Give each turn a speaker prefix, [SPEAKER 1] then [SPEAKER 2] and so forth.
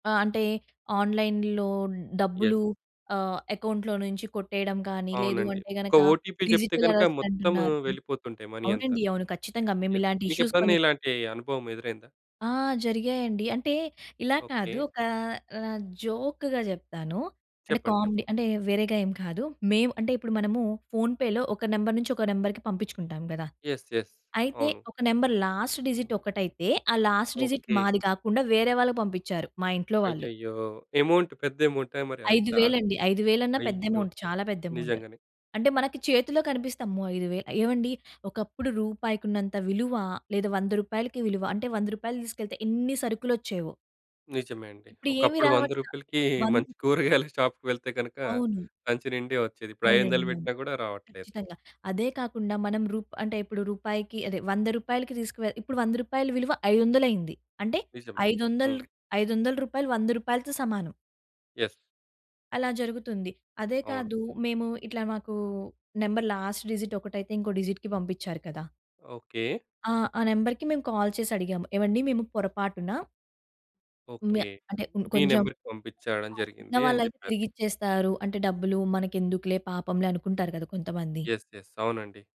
[SPEAKER 1] ఆహ్, అంటే ఆన్‌లైన్‌లో
[SPEAKER 2] యెస్.
[SPEAKER 1] డబ్బులు, ఆహ్, అకౌంట్‌లో నుంచి కొట్టేయడం కానీ, లేదు
[SPEAKER 2] అవునండి.
[SPEAKER 1] అంటే
[SPEAKER 2] ఒక
[SPEAKER 1] గనక
[SPEAKER 2] ఓటీపీ చెప్తే
[SPEAKER 1] డిజిటల్
[SPEAKER 2] గనుక
[SPEAKER 1] అరెస్ట్
[SPEAKER 2] మొత్తం
[SPEAKER 1] అంటున్నారు.
[SPEAKER 2] వెళ్ళిపోతుంటాయి మనీ అంతా.
[SPEAKER 1] అవునండి. అవును. ఖచ్చితంగా. మేము
[SPEAKER 2] యాహ్!
[SPEAKER 1] ఇలాంటి
[SPEAKER 2] మీకు
[SPEAKER 1] ఇష్యూస్
[SPEAKER 2] ఎప్పుడైనా
[SPEAKER 1] కొన్ని
[SPEAKER 2] ఇలాంటి అనుభవం ఎదురైందా?
[SPEAKER 1] ఆ! జరిగాయండి. అంటే ఇలా కాదు.
[SPEAKER 2] ఓకే.
[SPEAKER 1] ఒక ఆహ్, జోక్‌గా చెప్తాను.
[SPEAKER 2] చెప్పండి.
[SPEAKER 1] అంటే
[SPEAKER 2] చెప్పండి.
[SPEAKER 1] కామెడీ అంటే వేరేగా ఏం కాదు. మేము అంటే ఇప్పుడు మనము ఫోన్‌పేలో ఒక నంబర్ నుంచి ఒక నంబర్‌కి పంపించుకుంటాం కదా!
[SPEAKER 2] యెస్. యెస్.
[SPEAKER 1] అయితే
[SPEAKER 2] అవును.
[SPEAKER 1] ఒక నంబర్ లాస్ట్ డిజిట్ ఒకటైతే ఆ లాస్ట్ డిజిట్
[SPEAKER 2] ఓకే.
[SPEAKER 1] మాది కాకుండా వేరే వాళ్ళకి పంపించారు. మా ఇంట్లో వాళ్ళు.
[SPEAKER 2] అయ్యయ్యో! అమౌంట్ పెద్ద అమౌంటా? మరి అంత
[SPEAKER 1] ఐదు వేలండి. ఐదు వేలన్నా పెద్ద
[SPEAKER 2] అయ్యో!
[SPEAKER 1] అమౌంట్. చాలా పెద్ద అమౌంట్.
[SPEAKER 2] నిజంగానే.
[SPEAKER 1] అంటే మనకి చేతిలో కనిపిస్తే, అమ్మో! 5,000 ఏవండీ! ఒకప్పుడు రూపాయికి ఉన్నంత విలువ లేదా రూ. 100కి విలువ అంటే రూ. 100 తీసుకెళ్తే ఎన్ని సరుకులు వచ్చేవో.
[SPEAKER 2] నిజమే అండి.
[SPEAKER 1] ఇప్పుడు ఏమి
[SPEAKER 2] ఒకప్పుడు వంద
[SPEAKER 1] రావట్ల.
[SPEAKER 2] రూపాయలకి
[SPEAKER 1] వన్
[SPEAKER 2] మంచి కూరగాయల షాపుకి వెళ్తే గనుక
[SPEAKER 1] అవును.
[SPEAKER 2] సంచి నిండే వచ్చేది. ఇప్పుడు
[SPEAKER 1] అవునండి.
[SPEAKER 2] 500
[SPEAKER 1] అవును.
[SPEAKER 2] పెట్టినా కూడా రావట్లేదు.
[SPEAKER 1] ఖచ్చితంగా. అదే కాకుండా మనం రూప్ అంటే, ఇప్పుడు రూపాయికి అదే రూ. 100కి తీసుకువే ఇప్పుడు రూ. 100 విలువ ఐదు వందలయింది. అంటే,
[SPEAKER 2] నిజమే.
[SPEAKER 1] ఐదు
[SPEAKER 2] హ్మ్.
[SPEAKER 1] వందలక్ రూ. 500 రూ. 100తో సమానం.
[SPEAKER 2] యెస్.
[SPEAKER 1] అలా జరుగుతుంది. అదే
[SPEAKER 2] అవును.
[SPEAKER 1] కాదు. మేము ఇట్లా మాకు నంబర్ లాస్ట్ డిజిట్ ఒకటైతే ఇంకో డిజిట్‌కి పంపించారు కదా.
[SPEAKER 2] ఓకే.
[SPEAKER 1] ఆ! ఆ నెంబర్‌కి మేము కాల్ చేసి అడిగాము. ఏవండీ మేము పొరపాటున మ్యా
[SPEAKER 2] ఓకే.
[SPEAKER 1] అంటే ఇప్పుడు
[SPEAKER 2] మీ
[SPEAKER 1] కొంచెం
[SPEAKER 2] నంబర్‌కి పంపించడం
[SPEAKER 1] ఆ!
[SPEAKER 2] జరిగింది అని
[SPEAKER 1] ఉన్నవాళ్ళైతే
[SPEAKER 2] చెప్పారు.
[SPEAKER 1] తిరిగి ఇచ్చేస్తారు. అంటే డబ్బులు మనకెందుకులే పాపంలే అనుకుంటారు కదా! కొంతమంది.
[SPEAKER 2] యెస్. యెస్. అవునండి.